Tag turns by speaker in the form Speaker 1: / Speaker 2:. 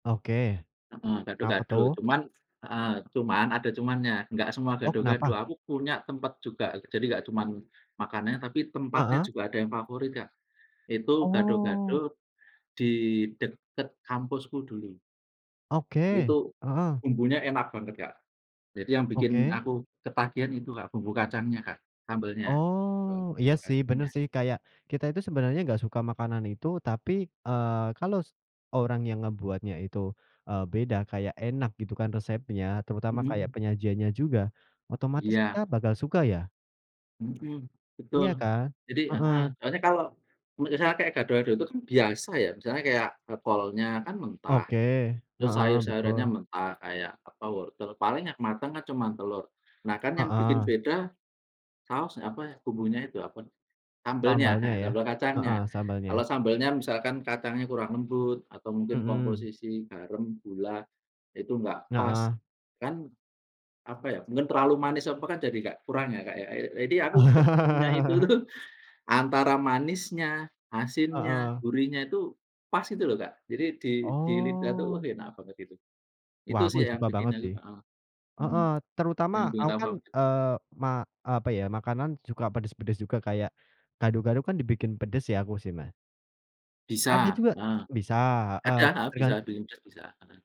Speaker 1: Oke,
Speaker 2: Mhm,
Speaker 1: kenapa
Speaker 2: gado-gado.
Speaker 1: tuh?
Speaker 2: Cuman heeh, cuman ada cumannya, enggak semua
Speaker 1: Oh,
Speaker 2: gado-gado.
Speaker 1: kenapa?
Speaker 2: Aku punya tempat juga, jadi enggak cuman makanannya tapi tempatnya
Speaker 1: Heeh.
Speaker 2: juga ada yang favorit, Kak. Itu
Speaker 1: Oh.
Speaker 2: gado-gado, di dekat kampusku dulu.
Speaker 1: Oke.
Speaker 2: Itu,
Speaker 1: Heeh.
Speaker 2: bumbunya enak banget, Kak. Jadi yang bikin
Speaker 1: Oke.
Speaker 2: aku ketagihan itu, Kak, bumbu kacangnya, Kak, sambelnya. Eee,
Speaker 1: Oh. Iya sih, bener
Speaker 2: lokasinya
Speaker 1: sih. Kayak kita itu sebenarnya nggak suka makanan itu tapi, eee, kalau, orang yang ngebuatnya itu, eee, beda kayak enak gitu kan resepnya terutama kayak
Speaker 2: Mhm.
Speaker 1: penyajiannya juga. Otomatis kita
Speaker 2: Iya.
Speaker 1: bakal suka ya.
Speaker 2: Mhm,
Speaker 1: Iya
Speaker 2: betul.
Speaker 1: kan?
Speaker 2: Jadi heeh,
Speaker 1: Heeh.
Speaker 2: soalnya kalau misalnya kayak gado-gado itu kan biasa ya, misalnya kayak, eee, kolnya kan mentah,
Speaker 1: Oke.
Speaker 2: terus
Speaker 1: Heeh,
Speaker 2: sayur-sayurannya
Speaker 1: betul.
Speaker 2: mentah kayak apa wortel, paling yang matang kan cuma telur. Nah, kan yang bikin
Speaker 1: Heeh.
Speaker 2: beda, saus apa ya, bumbunya itu apa, sambelnya,
Speaker 1: Sambalnya
Speaker 2: heeh,
Speaker 1: ya?
Speaker 2: sambel kacangnya.
Speaker 1: Heeh, sambalnya.
Speaker 2: Kalau sambelnya misalkan kacangnya kurang lembut atau mungkin
Speaker 1: Mhm.
Speaker 2: komposisi garam, gula, itu enggak pas,
Speaker 1: Heeh.
Speaker 2: kan, apa ya, mungkin terlalu manis apa kan jadi nggak kurang ya, Kak, ya. Iya, jadi aku ketemunya itu tuh antara manisnya, asinnya,
Speaker 1: Heeh.
Speaker 2: gurihnya itu pas gitu loh, Kak. Jadi di di lidah tuh wah
Speaker 1: Oh.
Speaker 2: enak banget itu. Itu
Speaker 1: Wah,
Speaker 2: sih
Speaker 1: aku
Speaker 2: yang
Speaker 1: suka
Speaker 2: bikin
Speaker 1: banget
Speaker 2: aku
Speaker 1: sih.
Speaker 2: heeh, mhm,
Speaker 1: Heeh,
Speaker 2: yang
Speaker 1: terutama
Speaker 2: bikin
Speaker 1: aku kan,
Speaker 2: laper.
Speaker 1: eee, ma eee, apa ya, makanan suka pedas-pedas juga kayak, gado-gado kan dibikin pedas ya aku sih ma Ada
Speaker 2: Bisa,
Speaker 1: juga.
Speaker 2: heeh.
Speaker 1: Bisa, eee,
Speaker 2: Ada, bisa
Speaker 1: tergantung.
Speaker 2: di [unintelligible] bisa. Heeh.